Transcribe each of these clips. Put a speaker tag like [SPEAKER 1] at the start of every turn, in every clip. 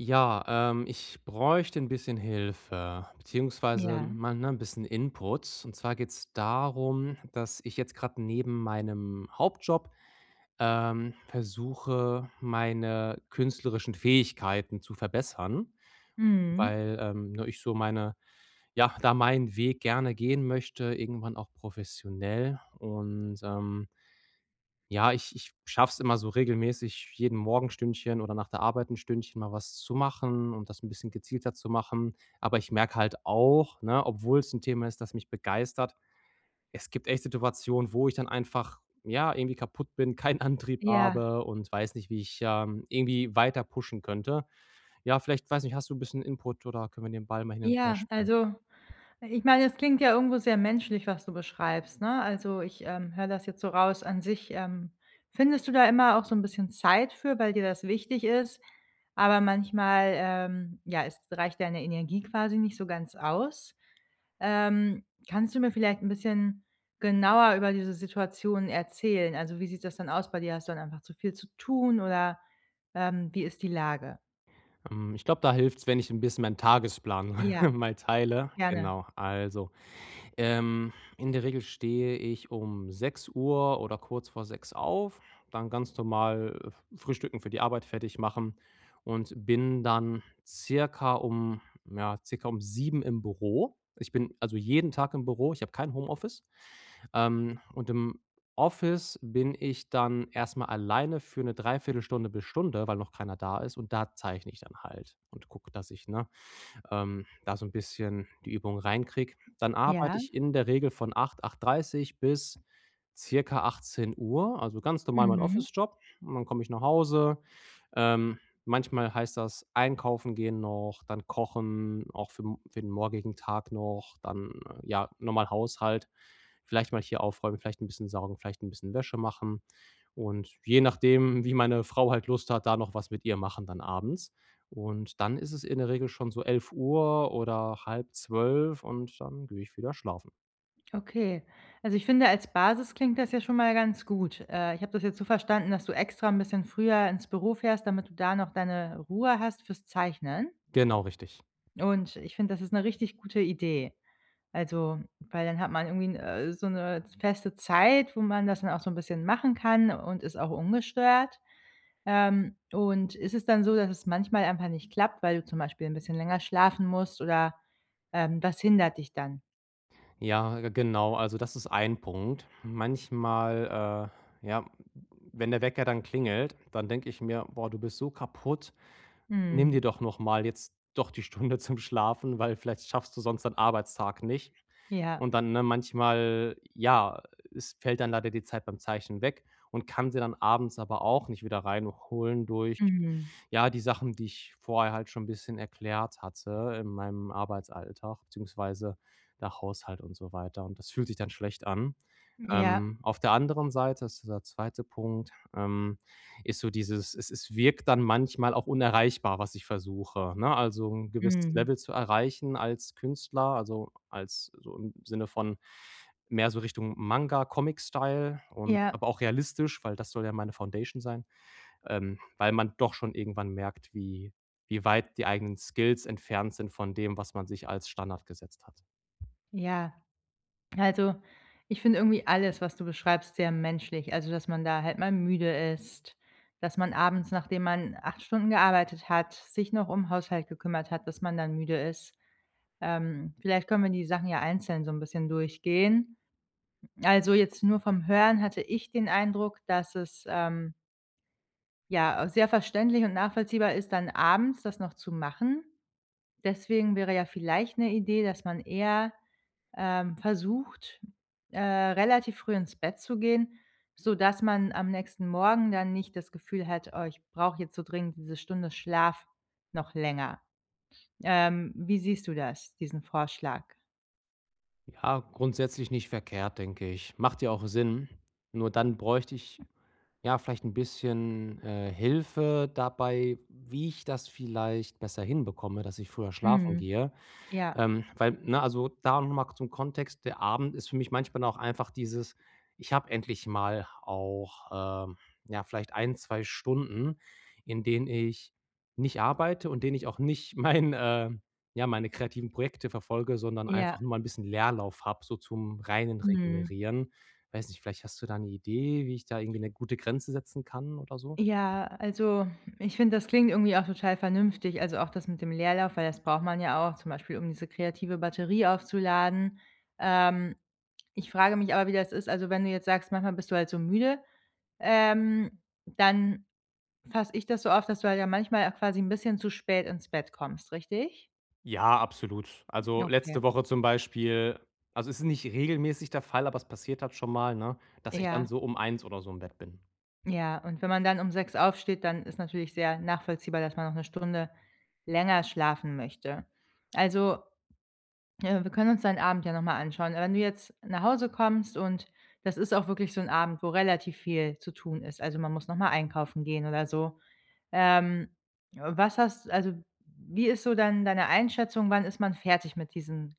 [SPEAKER 1] Ja, ähm, ich bräuchte 'n bisschen Hilfe, beziehungsweise
[SPEAKER 2] Ja.
[SPEAKER 1] mal, ne, 'n bisschen Input. Und zwar geht's darum, dass ich jetzt gerade neben meinem Hauptjob, ähm, versuche, meine künstlerischen Fähigkeiten zu verbessern,
[SPEAKER 2] Mhm.
[SPEAKER 1] weil, ähm, ne, ich so meine ja, da meinen Weg gerne gehen möchte, irgendwann auch professionell und, ähm ja, ich ich schaffe es immer so regelmäßig jeden Morgen 1 Stündchen oder nach der Arbeit 1 Stündchen mal was zu machen und das 'n bisschen gezielter zu machen. Aber ich merke halt auch, ne, obwohl es 'n Thema ist, das mich begeistert, es gibt echt Situationen, wo ich dann einfach, ja, irgendwie kaputt bin, keinen Antrieb
[SPEAKER 2] Ja.
[SPEAKER 1] habe und weiß nicht, wie ich, ähm, irgendwie weiter pushen könnte. Ja, vielleicht, weiß nicht, hast du 'n bisschen Input oder können wir den Ball mal hin und her
[SPEAKER 2] Ja,
[SPEAKER 1] spielen?
[SPEAKER 2] also, ich meine, es klingt ja irgendwo sehr menschlich, was du beschreibst, ne? Also, ich, ähm, höre das jetzt so raus an sich, ähm, findest du da immer auch so 'n bisschen Zeit für, weil dir das wichtig ist, aber manchmal, ähm ja, es reicht deine Energie quasi nicht so ganz aus. Ähm, kannst du mir vielleicht 'n bisschen genauer über diese Situation erzählen? Also, wie sieht das dann aus bei dir? Hast du dann einfach zu viel zu tun, oder, ähm, wie ist die Lage?
[SPEAKER 1] Ähm, ich glaube, da hilft's, wenn ich 'n bisschen meinen Tagesplan
[SPEAKER 2] Ja.
[SPEAKER 1] mal teile.
[SPEAKER 2] Gerne.
[SPEAKER 1] Genau. Also, ähm, in der Regel stehe ich um 6:00 oder kurz vor 6:00 auf, dann ganz normal, äh, frühstücken, für die Arbeit fertig machen und bin dann circa um, ja circa um 7:00 im Büro. Ich bin also jeden Tag im Büro. Ich habe kein Homeoffice. Ähm, und im Office bin ich dann erstmal alleine für 'ne dreiviertel Stunde bis Stunde, weil noch keiner da ist und da zeichne ich dann halt und gucke, dass ich, ne, ähm, da so 'n bisschen die Übung reinkriege. Dann arbeite
[SPEAKER 2] Ja.
[SPEAKER 1] ich in der Regel von 8:00, 8:30 bis circa 18:00. Also ganz normal mein
[SPEAKER 2] Mhm.
[SPEAKER 1] Office-Job und dann komme ich nach Hause. Ähm, manchmal heißt das einkaufen gehen noch, dann kochen auch für m für den morgigen Tag noch, dann ja, normal Haushalt, vielleicht mal hier aufräumen, vielleicht 'n bisschen saugen, vielleicht 'n bisschen Wäsche machen. Und je nachdem, wie meine Frau halt Lust hat, da noch was mit ihr machen, dann abends. Und dann ist es in der Regel schon so 11:00 oder halb 11:30 und dann gehe ich wieder schlafen.
[SPEAKER 2] Okay. Also, ich finde, als Basis klingt das ja schon mal ganz gut. Äh, ich habe das jetzt so verstanden, dass du extra ‘n bisschen früher ins Büro fährst, damit du da noch deine Ruhe hast für‘s Zeichnen?
[SPEAKER 1] Genau, richtig.
[SPEAKER 2] Und, ich finde, das ist ‘ne richtig gute Idee. Also, weil dann hat man irgendwie ‘n äh, so ‘ne feste Zeit, wo man das dann auch so ‘n bisschen machen kann und ist auch ungestört. Ähm, und ist es dann so, dass es manchmal einfach nicht klappt, weil du zum Beispiel ‘n bisschen länger schlafen musst oder, ähm, was hindert dich dann?
[SPEAKER 1] Ja, genau, also das ist 1 Punkt. Manchmal, äh, ja, w wenn der Wecker dann klingelt, dann denke ich mir: „Boah, du bist so kaputt. Nimm
[SPEAKER 2] Mhm.
[SPEAKER 1] dir doch nochmal jetzt doch die Stunde zum Schlafen, weil vielleicht schaffst du sonst deinen Arbeitstag nicht.“
[SPEAKER 2] Ja.
[SPEAKER 1] Und dann, ne, manchmal ja, es fällt dann leider die Zeit beim Zeichen weg und kann sie dann abends aber auch nicht wieder reinholen durch
[SPEAKER 2] Mhm.
[SPEAKER 1] ja, die Sachen, die ich vorher halt schon bisschen erklärt hatte, in meinem Arbeitsalltag, beziehungsweise der Haushalt und so weiter und das fühlt sich dann schlecht an.
[SPEAKER 2] Ja.
[SPEAKER 1] Ähm, auf der anderen Seite ist dieser 2. Punkt, ähm ist so dieses, es es wirkt dann manchmal auch unerreichbar, was ich versuche, ne, also ‘n gewisses Level
[SPEAKER 2] Mhm.
[SPEAKER 1] zu erreichen als Künstler, also als so im Sinne von mehr so Richtung Manga, Comic Style und
[SPEAKER 2] Ja.
[SPEAKER 1] aber auch realistisch, weil das soll ja meine Foundation sein, ähm, weil man doch schon irgendwann merkt, wie wie weit die eigenen Skills entfernt sind von dem, was man sich als Standard gesetzt hat.
[SPEAKER 2] Ja. Also, ich finde irgendwie alles, was du beschreibst, sehr menschlich. Also, dass man da halt mal müde ist, dass man abends, nachdem man 8 Stunden gearbeitet hat, sich noch um Haushalt gekümmert hat, dass man dann müde ist. Ähm, vielleicht können wir die Sachen ja einzeln so ‘n bisschen durchgehen. Also, jetzt nur vom Hören hatte ich den Eindruck, dass es, ähm Ja, auch sehr verständlich und nachvollziehbar ist dann abends das noch zu machen. Deswegen wäre ja vielleicht 'ne Idee, dass man eher, ähm, versucht, äh, relativ früh ins Bett zu gehen, sodass man am nächsten Morgen dann nicht das Gefühl hat: „Oh, ich brauche jetzt so dringend diese Stunde Schlaf noch länger.” Ähm, wie siehst du das, diesen Vorschlag?
[SPEAKER 1] Ja, grundsätzlich nicht verkehrt, denke ich. Macht ja auch Sinn. Nur dann bräuchte ich, ja, vielleicht 'n bisschen, äh, Hilfe dabei, wie ich das vielleicht besser hinbekomme, dass ich früher schlafen
[SPEAKER 2] Mhm.
[SPEAKER 1] gehe,
[SPEAKER 2] Ja.
[SPEAKER 1] ähm. Weil, ne, also da noch mal zum Kontext: Der Abend ist für mich manchmal dann auch einfach dieses ich habe endlich mal auch, ähm, ja, vielleicht 1, 2 Stunden, in denen ich nicht arbeite und in denen ich auch nicht mein, äh ja, meine kreativen Projekte verfolge, sondern
[SPEAKER 2] Ja.
[SPEAKER 1] einfach nur mal 'n bisschen Leerlauf habe, so zum reinen
[SPEAKER 2] Mhm.
[SPEAKER 1] Regenerieren. Weiß nicht, vielleicht hast du da 'ne Idee, wie ich da irgendwie 'ne gute Grenze setzen kann oder so?
[SPEAKER 2] Ja, also, ich finde, das klingt irgendwie auch total vernünftig, also auch das mit dem Leerlauf, weil das braucht man ja auch, zum Beispiel, um diese kreative Batterie aufzuladen. Ähm, ich frage mich aber, wie das ist also wenn du jetzt sagst, manchmal bist du halt so müde, ähm, dann fasse ich das so auf, dass du halt ja manchmal auch quasi 'n bisschen zu spät ins Bett kommst, richtig?
[SPEAKER 1] Ja, absolut.
[SPEAKER 2] Ja,
[SPEAKER 1] Also,
[SPEAKER 2] okay.
[SPEAKER 1] letzte Woche zum Beispiel also, es ist nicht regelmäßig der Fall, aber es passiert halt schon mal, ne, dass ich dann
[SPEAKER 2] Ja.
[SPEAKER 1] so um 1 oder so im Bett bin.
[SPEAKER 2] Ja, und wenn man dann um 6 aufsteht, dann ist natürlich sehr nachvollziehbar, dass man noch 1 Stunde länger schlafen möchte. Also, äh, wir können uns deinen Abend ja nochmal anschauen. Äh, wenn du jetzt nach Hause kommst und das ist auch wirklich so 'n Abend, wo relativ viel zu tun ist, also, man muss nochmal einkaufen gehen oder so, ähm, was hast also, wie ist so dann deine Einschätzung? Wann ist man fertig mit diesen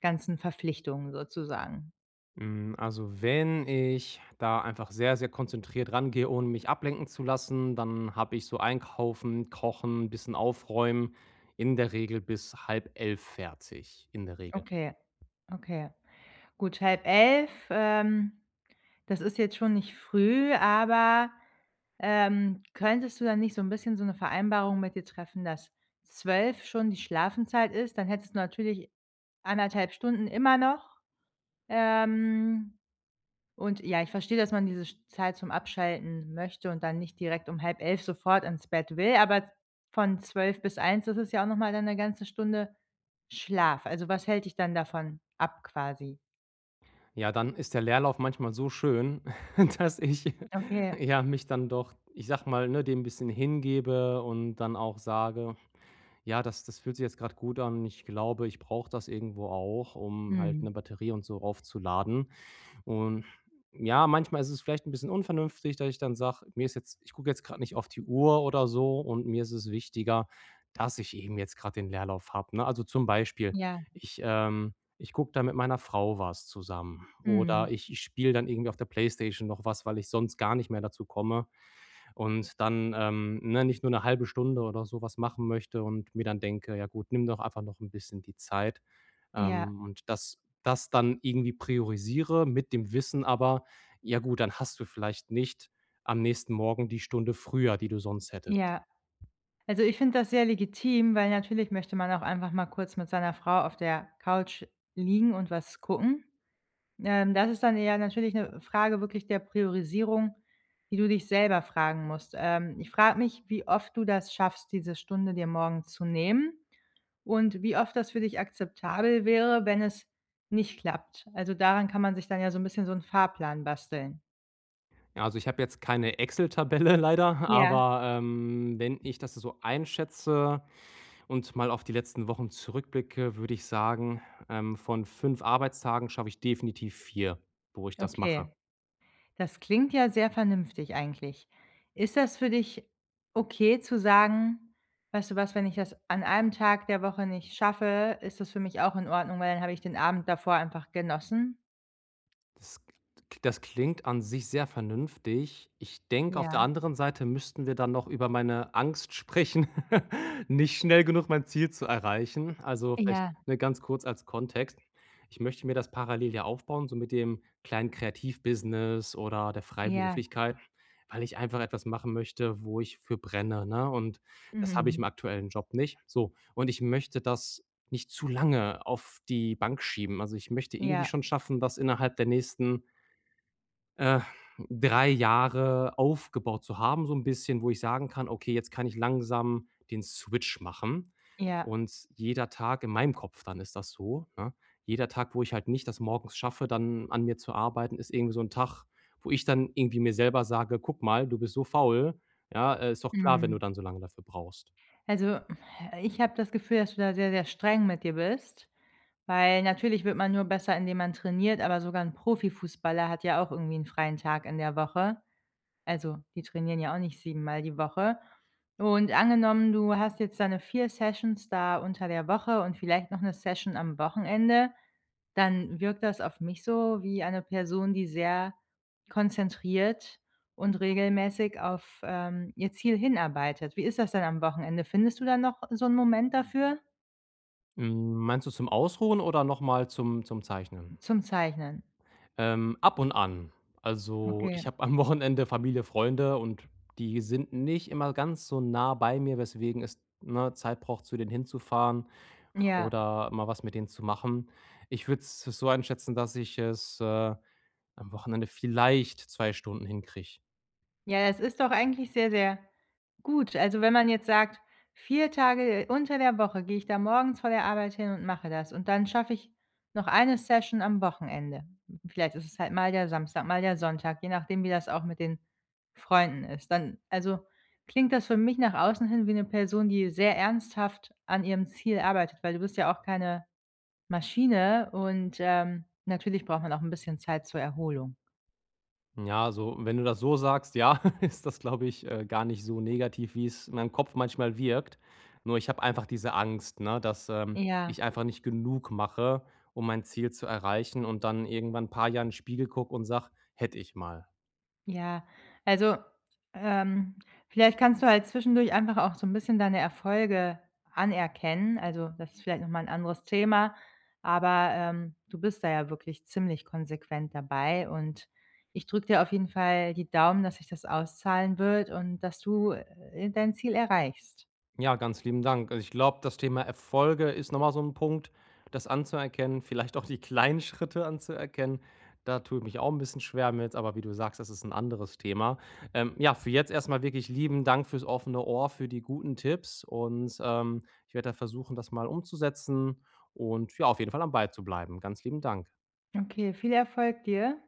[SPEAKER 2] ganzen Verpflichtungen sozusagen?
[SPEAKER 1] Hm, also, wenn ich da einfach sehr, sehr konzentriert rangehe, ohne mich ablenken zu lassen, dann habe ich so einkaufen, kochen, bisschen aufräumen, in der Regel bis 22:30 fertig, in der Regel.
[SPEAKER 2] Okay. Okay. Gut, 22:30, ähm, das ist jetzt schon nicht früh, aber, ähm, könntest du dann nicht so 'n bisschen so 'ne Vereinbarung mit ihr treffen, dass 12 schon die Schlafenzeit ist, dann hättest du natürlich 1 1/2 Stunden immer noch. Ähm, und ja, ich verstehe, dass man diese sch Zeit zum Abschalten möchte und dann nicht direkt um 22:30 sofort ins Bett will, aber v von 12 bis 1, das ist ja auch nochmal dann 1 ganze Stunde Schlaf. Also, was hält dich dann davon ab quasi?
[SPEAKER 1] Ja, dann ist der Leerlauf manchmal so schön, dass ich,
[SPEAKER 2] Okay.
[SPEAKER 1] ja, mich dann doch, ich sage mal, ne, dem ‘n bisschen hingebe und dann auch sage: „Ja, das das fühlt sich jetzt gerade gut an.“ Ich glaube, ich brauche das irgendwo auch, um halt 'ne
[SPEAKER 2] Mhm.
[SPEAKER 1] Batterie und so aufzuladen. Und, ja, manchmal ist es vielleicht ‘n bisschen unvernünftig, dass ich dann sage: „Mir ist jetzt ich gucke jetzt gerade nicht auf die Uhr oder so und mir ist es wichtiger, dass ich eben jetzt gerade den Leerlauf habe“, ne? Also, zum Beispiel,
[SPEAKER 2] Ja.
[SPEAKER 1] ich, ähm ich gucke dann mit meiner Frau was zusammen oder
[SPEAKER 2] Mhm.
[SPEAKER 1] ich ich spiele dann irgendwie auf der PlayStation noch was, weil ich sonst gar nicht mehr dazu komme und dann, ähm, ne, nicht nur ‘ne 0,5 Stunde oder so was machen möchte und mir dann denke: „Ja gut, nimm doch einfach noch ‘n bisschen die Zeit.“
[SPEAKER 2] Ja.
[SPEAKER 1] Ähm, und das das dann irgendwie priorisiere mit dem Wissen aber: „Ja, gut, dann hast du vielleicht nicht am nächsten Morgen die Stunde früher, die du sonst hättest.“
[SPEAKER 2] Ja. Also, ich finde das sehr legitim, weil natürlich möchte man auch einfach mal kurz mit seiner Frau auf der Couch liegen und was gucken. Ähm, das ist dann eher natürlich ‘ne Frage wirklich der Priorisierung, die du dich selber fragen musst. Ähm, ich frage mich, wie oft du das schaffst, diese Stunde dir morgens zu nehmen und wie oft das für dich akzeptabel wäre, wenn es nicht klappt? Also, daran kann man sich dann ja so ‘n bisschen so ‘n Fahrplan basteln.
[SPEAKER 1] Ja, also ich habe jetzt keine Exel-Tabelle leider,
[SPEAKER 2] Ja.
[SPEAKER 1] aber, ähm, wenn ich das so einschätze und mal auf die letzten Wochen zurückblicke, würde ich sagen, ähm, von 5 Arbeitstagen schaffe ich definitiv 4, wo ich das mache.
[SPEAKER 2] Okay. Das klingt ja sehr vernünftig eigentlich. Ist das für dich okay, zu sagen: „Weißt du was, wenn ich das an 1 Tag der Woche nicht schaffe, ist das für mich auch in Ordnung, weil dann habe ich den Abend davor einfach genossen.“?
[SPEAKER 1] Das gl das klingt an sich sehr vernünftig. Ich denke, auf der
[SPEAKER 2] Ja.
[SPEAKER 1] anderen Seite müssten wir dann noch über meine Angst sprechen, nicht schnell genug mein Ziel zu erreichen. Also, vielleicht,
[SPEAKER 2] Ja.
[SPEAKER 1] ne, ganz kurz als Kontext: Ich möchte mir das parallel ja aufbauen, so mit dem kleinen Kreativ-Business oder der
[SPEAKER 2] Ja.
[SPEAKER 1] Freiberuflichkeit, weil ich einfach etwas machen möchte, wo ich für brenne, ne? Und, das habe ich
[SPEAKER 2] Mhm.
[SPEAKER 1] im aktuellen Job nicht, so. Und, ich möchte das nicht zu lange auf die Bank schieben. Also, ich möchte irgendwie
[SPEAKER 2] Ja.
[SPEAKER 1] schon schaffen, dass innerhalb der nächsten äh, 3 Jahre aufgebaut zu haben, so ‘n bisschen, wo ich sagen kann: „Okay, jetzt kann ich langsam den Switch machen.
[SPEAKER 2] Ja.
[SPEAKER 1] Und, jeder Tag in meinem Kopf dann ist das so, ne: Jeder Tag, wo ich halt nicht das morgens schaffe, dann an mir zu arbeiten, ist irgendwie so 'n Tag, wo ich dann irgendwie mir selber sage: „Guck mal, du bist so faul“, ja? Äh: „Ist doch klar, wenn du
[SPEAKER 2] Mhm.
[SPEAKER 1] dann so lange dafür brauchst.“
[SPEAKER 2] Also, ich habe das Gefühl, dass du da sehr, sehr streng mit dir bist, weil natürlich wird man nur besser, indem man trainiert, aber sogar 'n Profifußballer hat ja auch irgendwie 'n freien Tag in der Woche. Also, die trainieren ja auch nicht siebenmal Mal die Woche. Und, angenommen, du hast jetzt deine 4 Sessions da unter der Woche und vielleicht noch 'ne Session am Wochenende, dann wirkt das auf mich so wie eine Person, die sehr konzentriert und regelmäßig auf, ähm, ihr Ziel hinarbeitet. Wie ist das denn am Wochenende? Findest du da noch so 'n Moment dafür?
[SPEAKER 1] Hm, meinst du zum Ausruhen oder nochmal zum zum Zeichnen?
[SPEAKER 2] Zum Zeichnen.
[SPEAKER 1] Ähm, ab und an. Also,
[SPEAKER 2] Okay.
[SPEAKER 1] ich habe am Wochenende Familie, Freunde und die sind nicht immer ganz so nah bei mir, weswegen es, ne, Zeit braucht, zu denen hinzufahren
[SPEAKER 2] Ja.
[SPEAKER 1] oder mal was mit denen zu machen. Ich würde es so einschätzen, dass ich es, äh, am Wochenende vielleicht 2 Stunden hinkriege.
[SPEAKER 2] Ja, das ist doch eigentlich sehr, sehr gut. Also, wenn man jetzt sagt: „4 Tage unter der Woche gehe ich dann morgens vor der Arbeit hin und mache das. Und dann schaffe ich noch 1 Session am Wochenende. Vielleicht ist es halt mal der Samstag, mal der Sonntag, je nachdem, wie das auch mit den Freunden ist.“ Dann also klingt das für mich nach außen hin wie 'ne Person, die sehr ernsthaft an ihrem Ziel arbeitet, weil du bist ja auch keine Maschine und, ähm, natürlich braucht man auch 'n bisschen Zeit zur Erholung.
[SPEAKER 1] Ja, also, wenn du das so sagst, ja, ist das, glaube ich, äh, gar nicht so negativ, wie es in meinem Kopf manchmal wirkt. Nur, ich habe einfach diese Angst, ne, dass, ähm,
[SPEAKER 2] Ja.
[SPEAKER 1] ich einfach nicht genug mache, um mein Ziel zu erreichen und dann irgendwann paar Jahren Spiegel gucke und sage: „Hätte ich mal.“
[SPEAKER 2] Ja, also, ähm, vielleicht kannst du halt zwischendurch einfach auch so 'n bisschen deine Erfolge anerkennen, also das ist vielleicht noch mal 'n anderes Thema, aber, ähm, du bist da ja wirklich ziemlich konsequent dabei und ich drücke dir auf jeden Fall die Daumen, dass sich das auszahlen wird und dass du, äh, dein Ziel erreichst.
[SPEAKER 1] Ja, ganz lieben Dank. Also, ich glaube, das Thema Erfolge ist nochmal so ‘n Punkt, das anzuerkennen, vielleicht auch die kleinen Schritte anzuerkennen, da tue ich mich auch ‘n bisschen schwer mit. Aber, wie du sagst, das ist ‘n anderes Thema. Ähm, ja, für jetzt erstmal wirklich lieben Dank für‘s offene Ohr, für die guten Tipps und, ähm, ich werde da versuchen, das mal umzusetzen und ja, auf jeden Fall am Ball zu bleiben. Ganz lieben Dank.
[SPEAKER 2] Okay, viel Erfolg dir.